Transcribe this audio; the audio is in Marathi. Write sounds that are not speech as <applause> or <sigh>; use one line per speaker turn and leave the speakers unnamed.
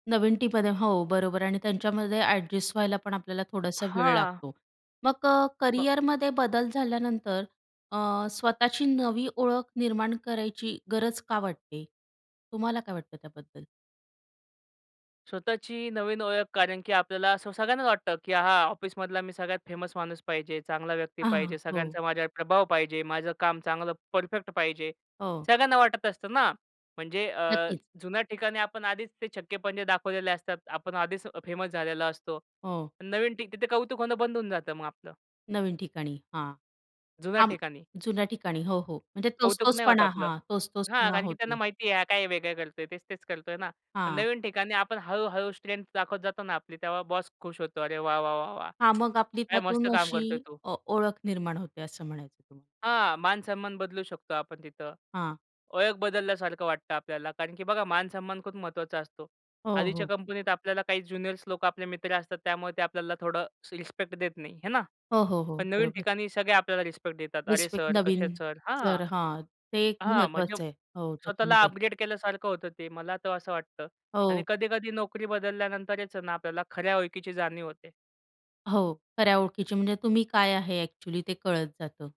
नवीन टीममध्ये हो, बरोबर आहे आणि त्यांच्यामध्ये ॲडजस्ट व्हायला पण आपल्याला थोडासा वेळ
हां.
लागतो. मग अ,
मग
करियरमध्ये बदल झाल्यानंतर अ, स्वतःची नवी ओळख निर्माण करायची गरज का वाटते? तुम्हाला काय वाटतं त्याबद्दल?
स्वतःची नवीन ओळख कारण की आपल्याला असं सगळ्यांना वाटतं, की हां, ऑफिसमधला मी सगळ्यात फेमस माणूस पाहिजे. चांगला व्यक्ती
आंहा,
पाहिजे.
हो.
सगळ्यांचा माझ्यावर प्रभाव पाहिजे, माझं काम चांगलं परफेक्ट पाहिजे.
हो.
सगळ्यांना वाटत असतं ना. म्हणजे अ,
नक्कीच.
जुन्या ठिकाणी आपण आधीच ते छक्के-पंजे दाखवलेले असतात. आपण आधीच फेमस झालेलो असतो.
हो.
नवीन ठिक तिथे कौतुक होणं बंद होऊन जातं मग आपलं.
नवीन ठिकाणी. हां,
जुन्या
हां, म
ठिकाणी.
जुन्या ठिकाणी हो, हो. म्हणजे
कौतुक
तोच-तोच
नाही होतं
पणा,
आपलं.
हां. तोच-तोच
हां,
पणा
कारण की त्यांना
होतो.
माहिती आहे हा काय वेगळं करतो आहे? तेच-तेच करतो आहे ना? पण
हां.
नवीन ठिकाणी आपण हळू-हळू स्ट्रेंग्थ दाखवत जातो ना आपली तेव्हा बॉस खुश होतो. "अरे वाह! वाह! वाह! वाह!
हां,
<clicks tongue>
मग आपली
काय मस्त
त्यातून
काम
अशी
करतोय तो."
अ, ओळख निर्माण होते. असं म्हणायचं तुम्हाला.
हां, मानसन्मान बदलू शकतो आपण तिथं.
हां.
ओळख बदलल्यासारखं वाटतं आपल्याला कारण की बघा मानसन्मान खूप महत्वाचा असतो.
हो,
आधीच्या
हो.
कंपनीत आपल्याला काही ज्युनियर्स लोकं आपले मित्र असतात त्यामुळे ते आपल्याला थोडं अशी रिस्पेक्ट देत नाही, हे ना?
हो, हो, हो.
पण नवीन
बरोबर.
ठिकाणी सगळे आपल्याला रिस्पेक्ट देतात. "अरे
रिस्पेक्ट
सर, कसे
नवीन
आहेत सर?" हां,
तर हां. ते एक
हां. म्हणजे
महत्त्वाचं आहे, हो,
स्वतःला
त्याच्यामध्ये.
अपग्रेड केल्यासारखं होतं ते. मला तर असं वाटतं आणि
हो.
कधी-कधी नोकरी बदलल्यानंतरच आहे ना आपल्याला खऱ्या ओळखीची जाणीव होते.
हो, खऱ्या ओळखीची म्हणजे तुम्ही काय आहे ॲक्चुअली? ते कळत जातं.